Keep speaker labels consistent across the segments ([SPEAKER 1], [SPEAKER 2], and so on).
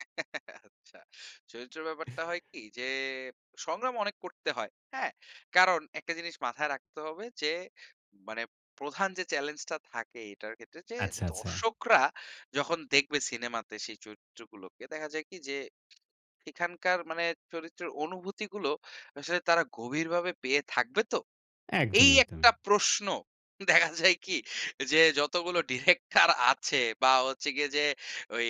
[SPEAKER 1] আচ্ছা। চরিত্রের ব্যাপারটা হয় কি? যে, সংগ্রাম অনেক করতে হয়, হ্যাঁ? কারণ একটা জিনিস মাথায় রাখতে হবে যে, মানে প্রধান যে চ্যালেঞ্জটা থাকে এটার ক্ষেত্রে যে,
[SPEAKER 2] আচ্ছা, আচ্ছা।
[SPEAKER 1] দর্শকরা যখন দেখবে সিনেমাতে সেই চরিত্রগুলোকে, দেখা যায় কি যে, সেখানকার মানে চরিত্রের অনুভূতিগুলো আসলে তারা গভীরভাবে পেয়ে থাকবে তো?
[SPEAKER 2] একদম,
[SPEAKER 1] এই
[SPEAKER 2] একদম।
[SPEAKER 1] একটা প্রশ্ন, দেখা যায় কি? যে, যতগুলো ডিরেক্টর আছে বা হচ্ছে গিয়ে যে ওই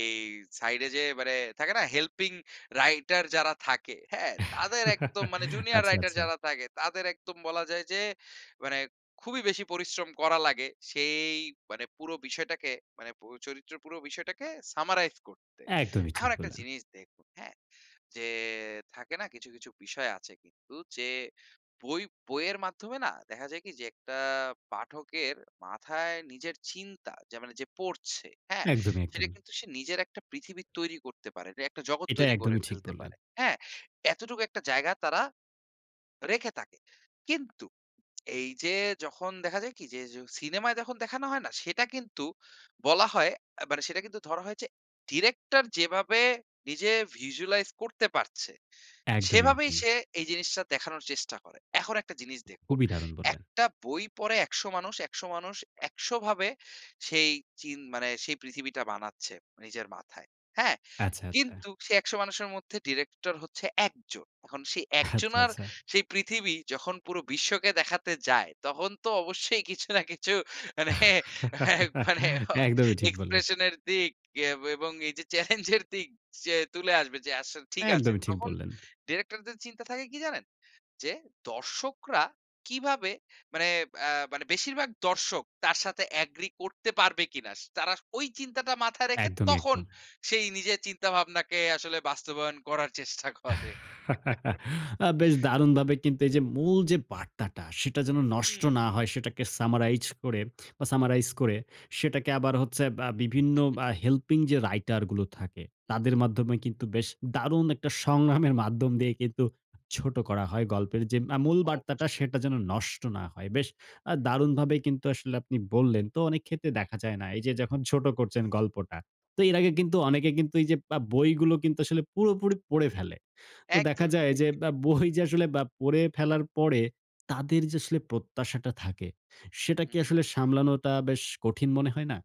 [SPEAKER 1] সাইড এ যে মানে, থাকে না হেল্পিং রাইটার যারা থাকে, হ্যাঁ? তাদের একদম মানে জুনিয়র
[SPEAKER 2] আচ্ছা,
[SPEAKER 1] রাইটার
[SPEAKER 2] আচ্ছা।
[SPEAKER 1] যারা থাকে, তাদের একদম বলা যায় যে মানে খুবই বেশি পরিশ্রম করা লাগে, সেই মানে পুরো বিষয়টাকে মানে পো চরিত্রের পুরো বিষয়টাকে সামারাইজ করতে।
[SPEAKER 2] একদমই ঠিক
[SPEAKER 1] এখন একটা
[SPEAKER 2] বললেন।
[SPEAKER 1] জিনিস দেখুন, হ্যাঁ? যে থাকে না কিছু, কিছু বিষয় আছে কিন্তু যে, বই বইয়ের মাধ্যমে না, দেখা যায় কি যে, একটা পাঠকের মাথায় নিজের চিন্তা, যে মানে যে পড়ছে, হ্যাঁ?
[SPEAKER 2] একদমই,
[SPEAKER 1] সেটা
[SPEAKER 2] একদমই।
[SPEAKER 1] কিন্তু সে নিজের একটা পৃথিবী তৈরি করতে পারে। একটা জগৎ
[SPEAKER 2] এটা,
[SPEAKER 1] তৈরি করে
[SPEAKER 2] একদমই ঠিক
[SPEAKER 1] ফেলতে
[SPEAKER 2] বললেন।
[SPEAKER 1] পারে, হ্যাঁ? এতটুকু একটা জায়গা তারা রেখে থাকে। কিন্তু, এই যে যখন দেখা যায় কি যে, য সিনেমায় যখন দেখানো হয় না? সেটা কিন্তু, বলা হয়, আ মানে সেটা কিন্তু ধরা হয় যে ডিরেক্টর যেভাবে নিজে ভিজুয়ালাইজ করতে পারছে,
[SPEAKER 2] একদমই,
[SPEAKER 1] সেভাবেই
[SPEAKER 2] একদমই।
[SPEAKER 1] সে এই জিনিসটা দেখানোর চেষ্টা করে। এখন একটা জিনিস দেখুন,
[SPEAKER 2] খুবই দারুণ বললেন।
[SPEAKER 1] একটা বই পড়ে ১০০ মানুষ, ১০০ মানুষ ১০০ ভাবে সেই চিন মানে, সেই পৃথিবীটা বানাচ্ছে নিজের মাথায়। হ্যাঁ?
[SPEAKER 2] আচ্ছা, আচ্ছা।
[SPEAKER 1] কিন্তু সেই ১০০ মানুষের মধ্যে ডিরেক্টর হচ্ছে ১ জন। এখন সেই ১
[SPEAKER 2] আচ্ছা,
[SPEAKER 1] জনার
[SPEAKER 2] আচ্ছা।
[SPEAKER 1] সেই পৃথিবী, যখন পুরো বিশ্বকে দেখাতে যায়, তখন তো অবশ্যই কিছু না কিছু মানে একবারে হ
[SPEAKER 2] একদমই ঠিক বললেন।
[SPEAKER 1] এক্সপ্রেশন এর দিক এ এবং এই যে চ্যালেঞ্জের দিক যে তুলে আসবে যে, আসলে ঠিক আছে।
[SPEAKER 2] একদমই ঠিক
[SPEAKER 1] তখন
[SPEAKER 2] বললেন।
[SPEAKER 1] ডিরেক্টরদের চিন্তা থাকে কি, জানেন? যে দর্শকরা কিভাবে মানে, ব্যা মানে বেশিরভাগ দর্শক, তার সাথে এগ্রি করতে পারবে কিনা? তারা ওই চিন্তাটা মাথায় রেখে,
[SPEAKER 2] একদমই,
[SPEAKER 1] তখন
[SPEAKER 2] একদম।
[SPEAKER 1] সেই নিজের চিন্তা-ভাবনাকে আসলে বাস্তবায়ন করার চেষ্টা করে।
[SPEAKER 2] আ বেশ দারুণভাবে কিন্তু, এই যে মূল যে বার্তাটা সেটা যেন নষ্ট
[SPEAKER 1] হুম।
[SPEAKER 2] না হয়, সেটাকে সামারাইজ করে বা সামারাইজ করে, সেটাকে আবার হচ্ছে বা বিভিন্ন বা হেল্পিং যে রাইটার গুলো থাকে,
[SPEAKER 1] হুম,
[SPEAKER 2] তাদের
[SPEAKER 1] হুম।
[SPEAKER 2] মাধ্যমে কিন্তু বেশ দারুণ একটা সংগ্রামের মাধ্যম দিয়ে কিন্তু, ছোট করা হয় গল্পের যে মা মূল বার্তাটা,
[SPEAKER 1] অবশ্যই।
[SPEAKER 2] সেটা যেন নষ্ট না হয়। বেশ আ
[SPEAKER 1] হুম।
[SPEAKER 2] দারুণভাবেই কিন্তু আসলে আপনি বললেন। তো অনেক ক্ষেত্রে দেখা যায় না? এই যে যখন ছোট করছেন গল্পটা। তো এর আগে কিন্তু, অনেকে কিন্তু এই যে বা বইগুলো কিন্তু আসলে পুরোপুরি পড়ে ফেলে। তো দেখা
[SPEAKER 1] একদমই।
[SPEAKER 2] যায় যে বা বই যে আসলে বা পড়ে ফেলার পরে, তাদের যে আসলে প্রত্যাশাটা থাকে, সেটা
[SPEAKER 1] হু,
[SPEAKER 2] কি
[SPEAKER 1] হু।
[SPEAKER 2] আসলে সামলানোটা বেশ কঠিন মনে হয় না?